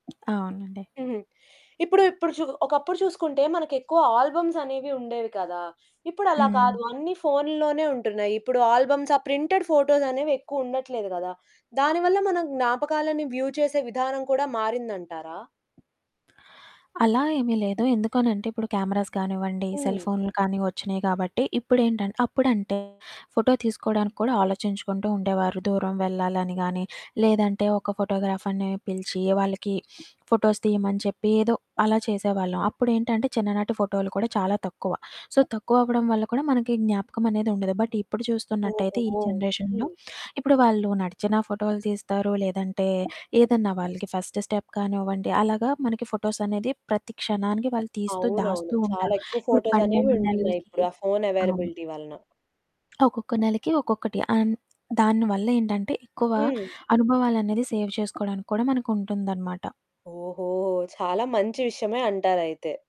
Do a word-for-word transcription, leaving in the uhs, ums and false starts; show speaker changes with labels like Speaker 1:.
Speaker 1: అవునండి.
Speaker 2: హుహు. ఇప్పుడు ఇప్పుడు చు ఒకప్పుడు చూసుకుంటే, మనకెక్కువ ఆల్బమ్సనేవి ఉండేవి కదా! ఇప్పుడలా
Speaker 1: హ్మ్.
Speaker 2: కాదు అన్ని ఫోనుల్లోనే ఉంటున్నాయి. ఇప్పుడు ఆల్బమ్స్, ఆ ప్రింటెడ్ ఫోటోసనేవెక్కువుండట్లేదు గదా! దాని వల్ల మనం జ్ఞాపకాలని వ్యూ చేసే విధానం కూడా మారిందంటారా?
Speaker 1: అలా ఏమి లేదు. ఎందుకనంటే, ఇప్పుడు కెమెరాస్ గానివ్వండి, సెల్
Speaker 2: హ్మ్.
Speaker 1: ఫోన్లు కానీ, ఒచ్చినియి గాబట్టి, ఇప్పుడేంటంటే అప్పుడంటే, ఫోటో తీసుకోడానికి కూడా ఆలోచించుకుంటూ ఉండేవారు. దూరం వెళ్ళాలని గానీ, లేదంటే ఒక ఫోటోగ్రాఫర్‌ని పిలిచి వాళ్ళకి ఫోటోస్ తీయమని చెప్పి, ఏదో అలా చేసేవాళ్ళం. అప్పుడేంటంటే, చిన్ననాటి ఫోటోలు కూడా చాలా తక్కువ. సో, తక్కువవ్వడం వల్ల కూడా మనకి జ్ఞాపకమనేది ఉండదు, బట్ ఇప్పుడు చూస్తున్నట్టయితే ఈ
Speaker 2: ఓహో!
Speaker 1: జనరేషన్‌లో,
Speaker 2: హ్మ్.
Speaker 1: ఇప్పుడు వాళ్ళు నడిచిన ఫోటోలు తీస్తారు, లేదంటే ఏదన్నా వాళ్ళకి ఫస్ట్ స్టెప్ కానివ్వండి, అలాగా మనకి ఫోటోసనేది ప్రతి క్షణానికి వాళ్ళు తీస్తూ,
Speaker 2: అవునవును.
Speaker 1: దాస్తూ
Speaker 2: చాలా
Speaker 1: ఉంటారు.
Speaker 2: ఎక్కువ
Speaker 1: ఇప్పుడు
Speaker 2: ఫోటోసనేవి
Speaker 1: పన్నెండు
Speaker 2: ఉంటున్నాయి.
Speaker 1: నెలలకి
Speaker 2: ఇప్పుడు ఆ ఫోను
Speaker 1: అవును.
Speaker 2: అవైలబిలిటీ వలన.
Speaker 1: ఒక్కొక్క నెలకి ఒక్కొక్కటి. అన్ దాని వల్లేంటంటే, ఎక్కువ
Speaker 2: హ్మ్.
Speaker 1: అనుభవాలనేది సేవ్ చేసుకోడానికి కూడా మనకుంటుందనమాట.
Speaker 2: ఓహో! చాలా మంచి విషయమే అంటారయితే.